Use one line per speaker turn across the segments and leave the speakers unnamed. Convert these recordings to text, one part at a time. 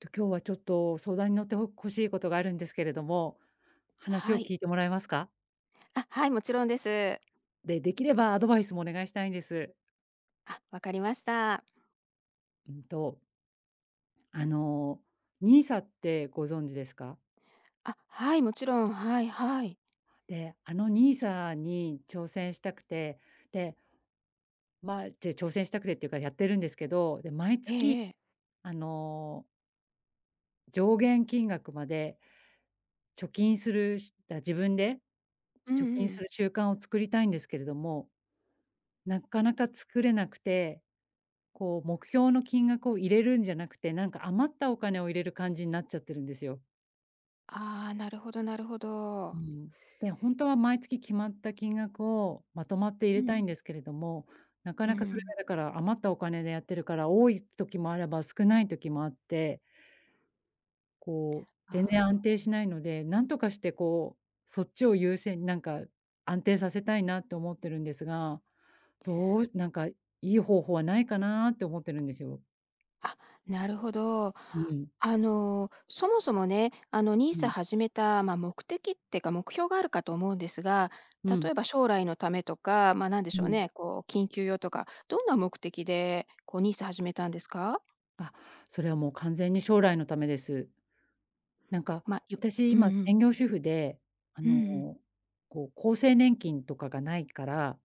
と、今日はちょっと相談に乗ってほこしいことがあるんですけれども、話を
はい。
聞いてもらえますか？
あ、はい、もちろんです。
で、できればアドバイスもお願いしたいんです。
あ、わかりました。
うんとあの、NISA ってご存知ですか？
あ、はい。もちろん。はいはい。
で、あの NISA に挑戦したくて、でまあ、じゃ、挑戦したくてっていうか、やってるんですけど。で、毎
え
月
えええ。
あの上限金額まで貯金するしだ、自分で
うん
貯金
う
す
ん。
る習慣を作りたいんですけれども。なっかなか作れなくて、こう目標の金額を入れるんじゃなくて、なんか余ったお金を入れる感じになっちゃってるんですよ。
ああ、なるほどなるほ
う
ど。
ん。で、ほんとは毎月決まった金額をまとまって入
う
れたい
ん。
んですけれども、なか
うん
な
う
かそれ
ん。
がだから、余ったお金でやってるから、多い時もあれば少ない時もあって。こう、全然安
ああ。
定しないので、なんとかしてこう、そっちを優先なんか、安定させたいなと思ってるんですが、どうしなんかいい方法はないかなって思ってるんですよ。
あ、なるほど。
うん。
あの、そもそもね、あの
う
NISA
ん。
始めた、ま、目的ってか目標があるかと思うんですが、
う
例
ん。
えば将来のためとか、まあ、何で
う
しょう
ん。
ね、こう緊急用とか、どんな目的で、こう NISA 始めたんですか？
あ、それは、もう、完全に将来のためです。なんか、
ま、ゆ
私、
うん
今、
うん。
専業主婦で、あ
うん
の、
うん。
こう、厚生年金とかがないから。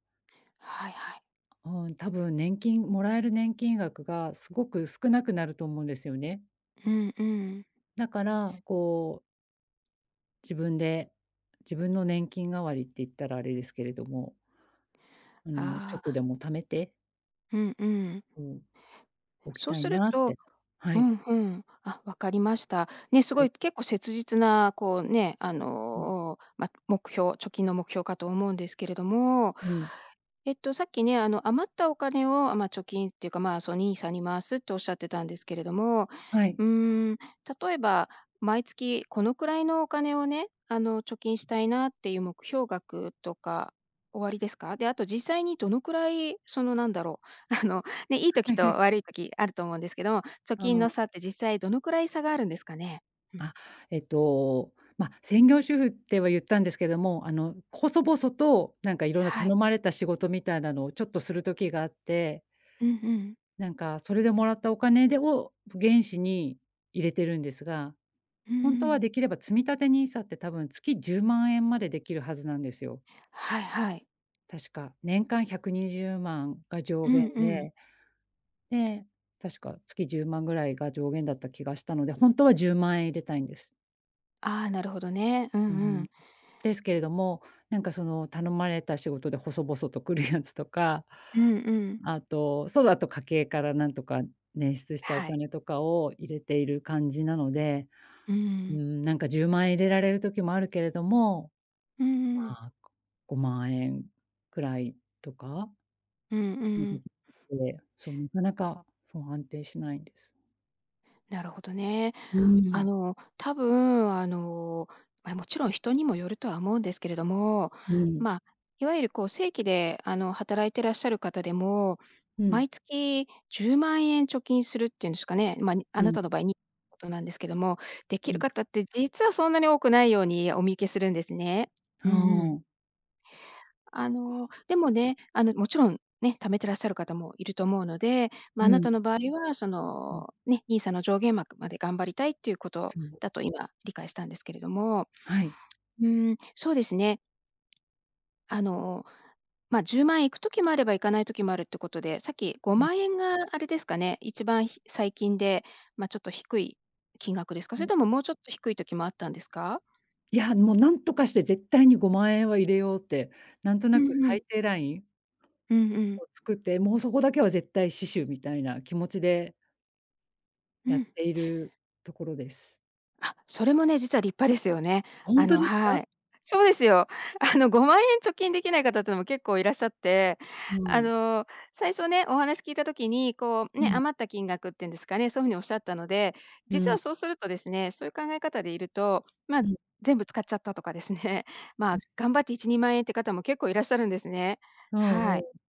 はいはい。
うん、多分、年金もらえる年金額がすごく少なくなると思うんですよね。
うんうん。
だから、こう自分で、自分の年金代わりって言ったらあれですけれども。あの、ちょ
あ
っ
あ。
とでも貯めて
うんうん。
うん、...おき
そう
たい
する
なっ
と
て、は
う
い。
ん、ふん、あ、わかりました。ね、す
は
ご
い。
い結構切実な、こう、ね、あ
うん。
の、お、ま、目標貯金の目標かと思うんですけれども、
うん。
えっと、さっきね、あの、余ったお金を、あ、まあ、貯金っていうか、まあ、そ、NISA に回すっておっしゃってたんですけれども、
はい。
うーん、例えば、毎月このくらいのお金をね、あの、貯金したいなっていう目標額とかおありですか？で、あと、実際にどのくらい、その、なんだろう、あの、ね、いい時と、悪い時、あると思うんですけど、貯
あ
金の
あ。
差って、実際どのくらい差があるんですかね？うん。
あ、えっと、まあ、専業主婦っては言ったんですけども、あの、細々と、なんか、色んな
は
頼
い。
まれた仕事みたいなのを、ちょっと、する時があって
うん、ふん。
なんか、それで、貰ったお金でを、原資に入れてるんですが、
うー
本当は、
ん。
できれば、積立 NISA って、多分、月10万円までできるはずなんですよ。
はいはい。
確か、年間120万が上
うん
限
うん。
で。で、確か月10万ぐらいが上限だった気がしたので、本当は10万円入れたいんです。
ああ、なるほどね。うんう
うん。
ん。
ですけれども、なんかその、頼まれた仕事で細々と来るやつとか。
うんうん。
あと、そうだと家計からなんとか捻出したお
はい。
金とかを入れている感じなので。
う
う
ん。
ん、なんか10万円入れられる時もあるけれども。
うんうんうん。
ま、ご5万円くらいとか
うん、うん。
で、そうなかなか、そう安定しないんです。
なるほどね。
う
あ
ん。
の多分、あの、ま、もちろん人にもよるとは思うんですけれども、
うん。
ま、いわゆるこう正規で、あの、働いてらっしゃる方でも、
うん。
毎月10万円貯金するっていうんですかね。ま、にあ
う
な
ん。
たの場合に、ことなんですけども、でき
う
る
ん。
方って実はそんなに多くないようにお見受けするんですね。う
は
んうん。
お。
あの、でもね、あのもちろんね、貯めてらっしゃる方もいると思うので、ま
う
あな
ん。
たの場合は、そ
うん。
の、ね、NISA の上限額まで頑張りたいっていうこと
そう。
だと今理解したんですけれども、
はい。
うん、そうですね。あの、ま、10万いく時もあれば、行かない時もあるっていうことで、さっきご
う
ま
ん。
んえんがあれですかね、一番ひ最近でまちょっと低い金額ですか？
う
それ
ん。
とももうちょっと低い時もあったんですか？
いや、もう何とかして絶対に5万円は入れようって、なんと
う
なく
んうん。
最低ライン
うんうん。
を作って、もうそこだけは絶対死守みたいな気持ちで。
う
やっ
ん。
ているところです。
あ、それもね、実は立派ですよね。
本
あ
当
の
です
は
か？
い。そうですよ。あの5万円貯金できない方っていうのも結構いらっしゃって、あ
うん。
の最初ね、お話聞いた時に、こう
う
ね、
ん。
余った金額っていうんですかね、そういうふうにおっしゃったので、
う
実は
ん。
そうするとですね、そういう考え方でいると、ま、
うん。
全部使っちゃったとかですね、
う
ま、
ん。
頑張って1、2万円っていう方も結構いらっしゃるんですね。
うん
は
う
い。
ん。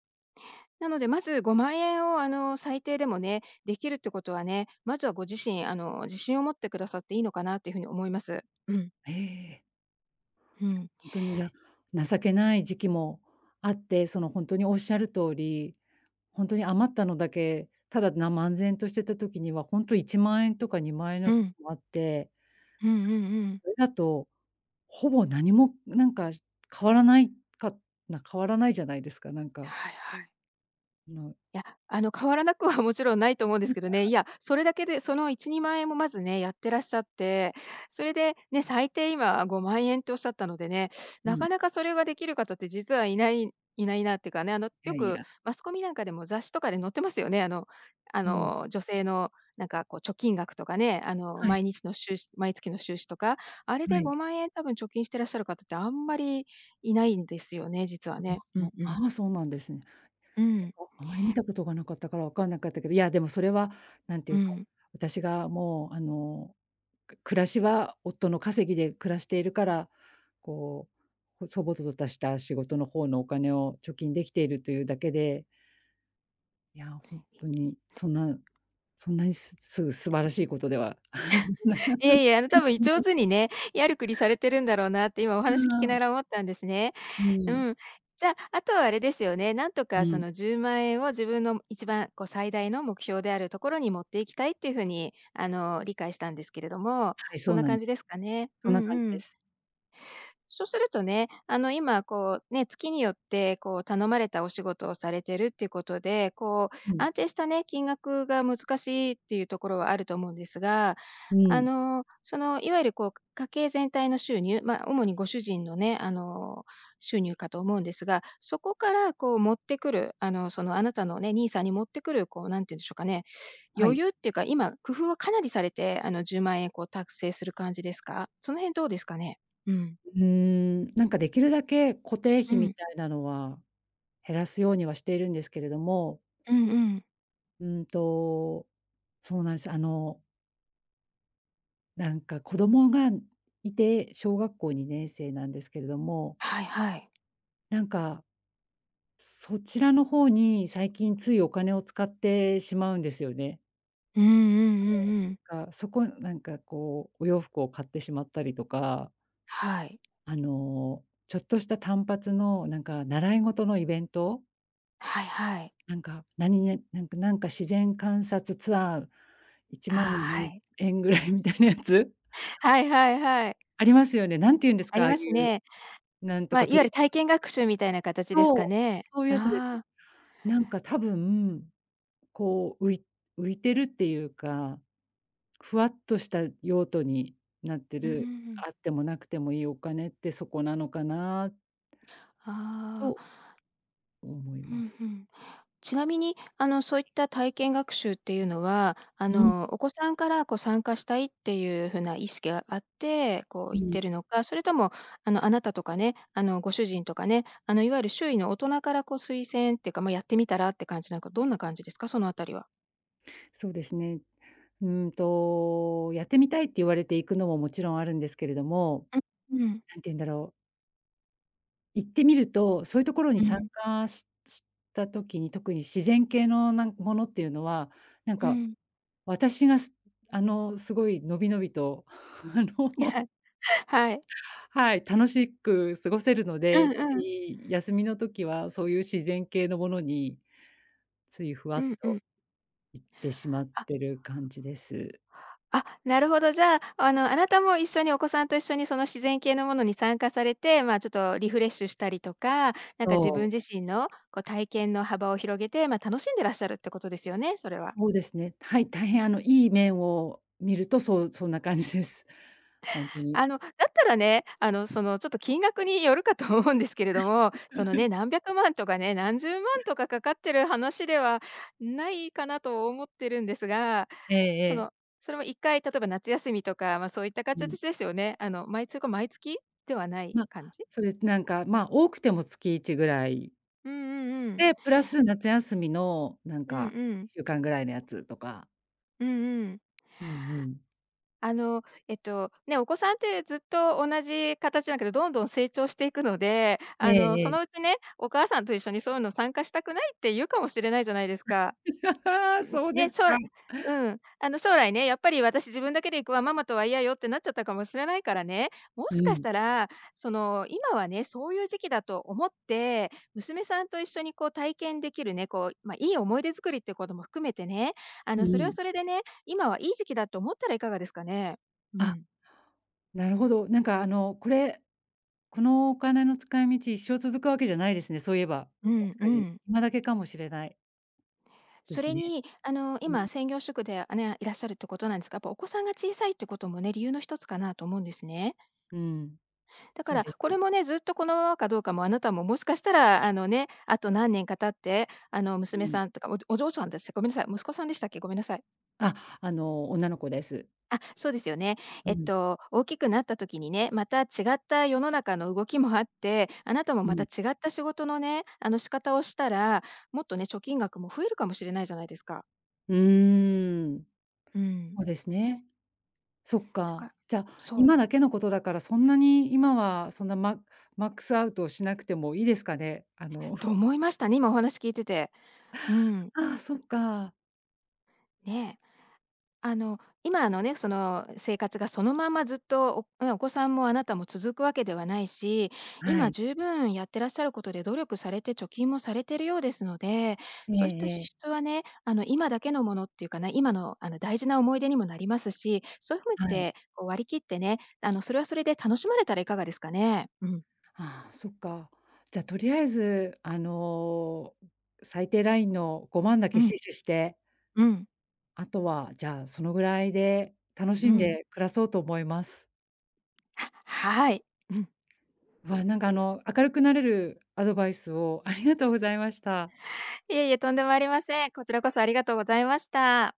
なので、まず5万円をあの最低でもね、できるってことはね、まずはご自身あの自信を持ってくださっていいのかなっていうふうに思います。うん。
ええ。
う
いや、
ん。
本当にいや、情けない時期もあって、その本当におっしゃる通り、本当に余ったのだけ、ただな漫然としてた時には、本当に1万円とか2万円
う
の時
ん。
もあって。
うんうんうん。
それだと、ほぼ何も、なんか変わらないかな変わらないじゃないですか、なんか。
はいはい。
あの。
いや、あの変わらなくはもちろんないと思うんですけどね。い や、それだけで、その1、2万円もまずね、やってらっしゃって、それで、ね、
うん。
最低今5万円っておっしゃったのでね、
う
な
ん。
かなかそれができる方って実はいないいないなっていうかね、あの
いや
よ
い
く
や。
マスコミなんかでも雑誌とかで載ってますよね。あのあ
うん。
の女性のなんかこう貯金額とかね、あの
はい。
毎日の収支毎月の収支とか、あれ
は
で
い。
5万円多分貯金していらっしゃる方ってあんまりいないんですよね、実はね。うん うん。
ああ、そうなんですね。
うん。
あまり見たことが無かったから分かんなかったけど、いやでもそれはなんてい
う
うか、
ん。
私がもうあの、く暮らしは夫の稼ぎで暮らしているから、こう、細々とたした仕事の方のお金を貯金できているというだけで。いや、本当にそんなそんなに、すす素晴らしいことでは。
いえいえ、あの多分上 手にね、やるくりされてるんだろうなって今お
う
話聞
ー
きなが
ん。
ら思ったんですね。
う
う
ん。
ん。じゃ、あとはあれですよね、なんと
う
かそ
ん。
の10万円を自分の一番こう最大の目標であるところに持っていきたいっていう風にあの理解したんですけれども、
はい、そ
そん
う
な
なん
感
で
じ
す。
ですかね。
そ
う
んな
ん
感じ
う
で
ん。
す。
そうするとね、あの今こう、ね、月によって、こう頼まれたお仕事をされてるっていうことで、こう
うん。
安定したね、金額が難しいっていうところはあると思うんですが、
う
あ
ん。
の、そのいわゆるこう家計全体の収入、ま、主にご主人のね、あの収入かと思うんですが、そこからこう持ってくる、あの、その、あなたのね、NISA に持ってくる、こうなんて言うんでしょうかね、
は
余
い。
裕っていうか、今、工夫をかなりされて、あの10万円を達成する感じですか？その辺どうですかね？うん。
うーん。なんかできるだけ固定
う
費み
ん。
たいなのは、減らすようにはしているんですけれども。
うんうん。
うんと。そうなんですよ。あのなんか子供がいて、小学校2年生なんですけれども。
はいはい。
なんか、そちらの方に、最近ついお金を使ってしまうんですよね。
うんうんうんう ん。
かそこなんか、こうお洋服を買ってしまったりとか
はい。
あのちょっとした単発の、なんか習い事のイベント。
はいはい。
なんか、なにげなんかなんか自然観察ツアー、いち
あ
まん
あ、は
ぐ
い。
えん円ぐらいみたいなやつ。
はいはいはい。
ありますよね。何て言うんです
あ
か、
り
ああい
ます
う
ね。
なんと
ま、
か
いわ
ト
ゆ
リ
る体験学習みたいな 形ですか
そう、
ね。
そういうやつです。
ああ。
なんか多分、こう、うい浮いてるっていうか、ふわっとした用途になって
うんうん
る、
うん。
あっても無くてもいいお金ってそこなのかな
ああ。
と思い
う
ま
んう
す。
ん。ちなみにあの、そ
は
ういっ
い。
た体験学習っていうのは、あ
うん。
のお子さんからこう参加したいっていう風な意識があって、こう
う
行って
ん。
いるのか、それともあの、あなたとかね、あのご主人とかね、あのいわゆる周囲の大人からこう推薦ってか、ま、やってみたらって感じなのか、どんな感じですか、その辺りは。
そうですね。うん、と、やってみたいって言われて行くのも、もちろんあるんですけれども、
ううん。
何て言うんだろう。行ってみると、そういうところに
う
参
ん。
加しした時に、特に自然系のなんものっていうのは、なん
う
か、
ん。
私がすあの、すごいのびのびとあの
はい。
はい、楽しっく過ごせるの
うん
で、特
うん。
に休みの時はそういう自然系のものに、ついふわ
う
っ
んう
と
ん。
行ってしまっ
あ。
てる感じです。
あ、なるほど。じゃあ、あのあなたも一緒にお子さんと一緒に、その自然系のものに参加されて、まあ、ちょっとリフレッシュしたりとか、なんか
そ
自
う。
分自身の、こう体験の幅を広げて、ま、楽しんでいらっしゃるってことですよね、それは。
そうですね、はい、大変あの、いい面を見ると、そう、そんな感じです。ほんとに。
あの、だったらね、あのそのちょっと金額によるかと思うんですけれども、
はい。
その ね、何百万とかね、何十万とかかかっている話では、ないかなと思ってるんですが、
ええ
そ
ええ。
のそれも、1回例えば夏休みとか、ま、そういった
うん。
形ですよね。あのまいつか、毎月ではない
ま、
感じ？
そうです、なんか、ま、多くても月1ぐらい
うんうんうん。
で、プラス夏休みの、なん
うん
か
う
いっ
ん。
しゅうかんぐらいのやつとか。
うんうん。
うんうん。
あの、えっと、ね、お子さんって、ずっと同じ形だけど、どんどん成長していくので、
え
あ
え
の、
え
そ
え。
のうちね、お母さんと一緒に、そういうの参加したくないって言うかもしれないじゃないですか。
そう
う、
で
ね、
す
しょう
か。
らうん、あの、将来ね、「やっぱり、私、自分だけで行くわ。ママとは嫌よ」ってなっちゃったかもしれないからね、も
う
しかし
ん。
たら、その、今はね、そういう時期だと思って、娘さんと一緒に、こう、体験できるね、こう、まあ、いい思い出作りっていうことも含めてね、あ
う
の、それは
ん。
それでね、今はいい時期だと思ったらいかがですかね？う
あ、
ん。
なるほど。なんか、あの、これ、この、お金の使い道、一生続くわけじゃないですね、そういえば、
う
確
んう
かに。
ん。
今だけかもしれない。で
そ
す
れ
ね。
に、あの、
うん。
今、専業主婦で、あ、ね、いらっしゃるってことなんですが、やっぱ、お子さんが小さいっていうこともね、理由の一つかなと思うんですね。
うーん。
だか
そう
ら、
で
これ
す。
もね、ずっと、このままかどうかも、あなたも、もしかしたら、あのね、あと何年か経ってあの、
う
娘
ん。
さんとか、おお嬢さんです、ごめんなさい、息子さんでしたっけ？ごめんなさい。
あ、あの、女の子です。
あ、そうですよね。
う
えっ
ん。
と、大きくなった時にね、また、違った世の中の動きもあって、あなたも、
う
また、
ん。
違った仕事のね、あの、仕方をしたら、もっとね、貯金額も増えるかもしれないじゃないですか。
うーん。
うん。
そうですね。そっ
だ
か。
か
じゃ、
そう。
今だけのことだから、そんなに、今は、そんな、ママックスアウトをしなくてもいいですかね？あの
と、思いましたね、今、お話聞いてて。うんうん。
ああ、そっか。
ね。あの、今のね、その、お生活が、そのままずっと、おねえ、お子さんもあなたも続くわけではないし、
は
今、
い。
十分やってらっしゃることで、努力されて貯金もされてるようですので、
え
そういった
ええ
支
え。
出はね、あの、今だけのものっていうかね、今の、あの、大事な思い出にもなりますし、そゆ っ
はい。
て、こう、割り切ってね、あの、それはそれで楽しまれたらいかがですかね。うん。
ああ、そっか。じゃあ、とりあえず、あの、最低ラインの5万だ
う
け
ん。
死取して
うん。
あとは、じゃあ、そのぐらいで楽し
う
ん
んうん。
で暮らそうと思います。
はい。うん。
わ、なんか、あの、明るくなれるアドバイスをありがとうございました。
いえいえ、とんでもありません。こちらこそありがとうございました。